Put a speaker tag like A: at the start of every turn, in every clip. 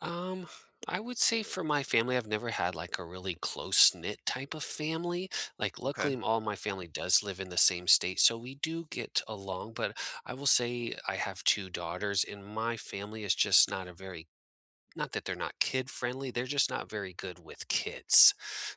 A: Um, I would say for my family, I've never had, like, a really close-knit type of family. Like,
B: Okay.
A: luckily m all my family does live in the same state, so we do get along. But I will say I have 2 daughters, and my family is just not a very not that they're not kid-friendly, they're just not very good with kids.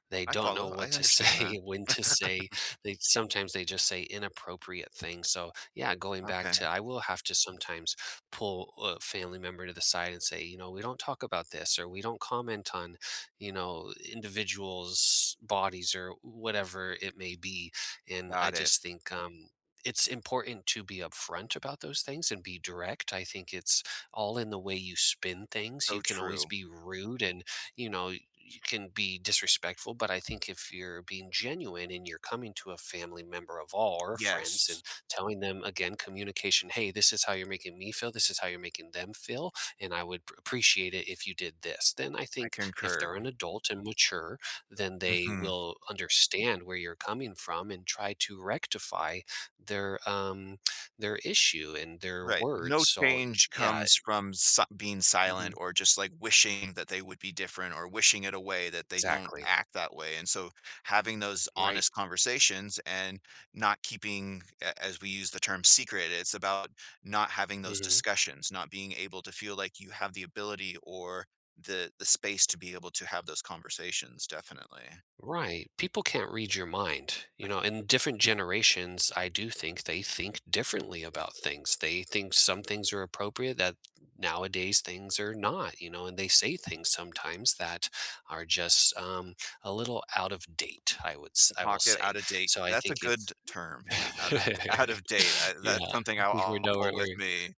A: They
B: I
A: don't know
B: follow. I
A: what to
B: understand that.
A: say, when to say. They sometimes they just say inappropriate things. So, yeah, going back to
B: Okay.
A: I will have to sometimes pull a family member to the side and say, you know, "We don't talk about this," or "We don't comment on, you know, individuals' bodies," or whatever it may be, and I
B: Got it.
A: just think, um, it's important to be upfront about those things and be direct. I think it's all in the way you spin things.
B: Oh,
A: You can always
B: true.
A: be rude and, you know, you can be disrespectful. But I think if you're being genuine and you're coming to a family member of all or friends and
B: Yes.
A: telling them, again, communication, "Hey, this is how you're making me feel. This is how you're making them feel, and I would p appreciate it if you did this." Then I
B: I
A: think if
B: concur.
A: they're an adult and mature, then they
B: Mhm.
A: will understand where you're coming from and try to rectify their, um their issue and their
B: Right. No
A: words. So
B: change
A: yeah.
B: comes from si being silent
A: Mhm.
B: or just like wishing that they would be different or wishing it away that they don't
A: Exactly.
B: act that way, and so having those
A: Right.
B: honest conversations and not keeping, a as we use the term, secret, it's about not having those
A: Mhm.
B: discussions, not being able to feel like you have the ability or the the space to be able to have those conversations, definitely.
A: Right. People can't read your mind. You know? And different generations, I do think they think differently about things. They think some things are appropriate that nowadays things are not, you know, and they say things sometimes that are just, um, a little out of date, I would s
B: The
A: I will
B: pocket
A: say.
B: out of date.
A: So I
B: That's a
A: think
B: good t
A: it's
B: term. Yeah. Out ot out of date. I
A: Yeah.
B: that's something
A: I
B: I'll
A: think we're
B: I'll
A: nowhere
B: pull
A: where
B: with
A: y
B: me.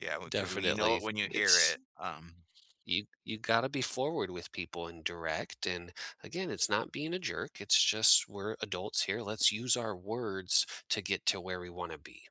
B: Yeah, w 'cause w you know
A: Definitely,
B: it when you hear
A: it's
B: it. Um.
A: Y you gotta be forward with people and direct. And, again, it's not being a jerk. It's just we're adults here. Let's use our words to get to where we wanna be.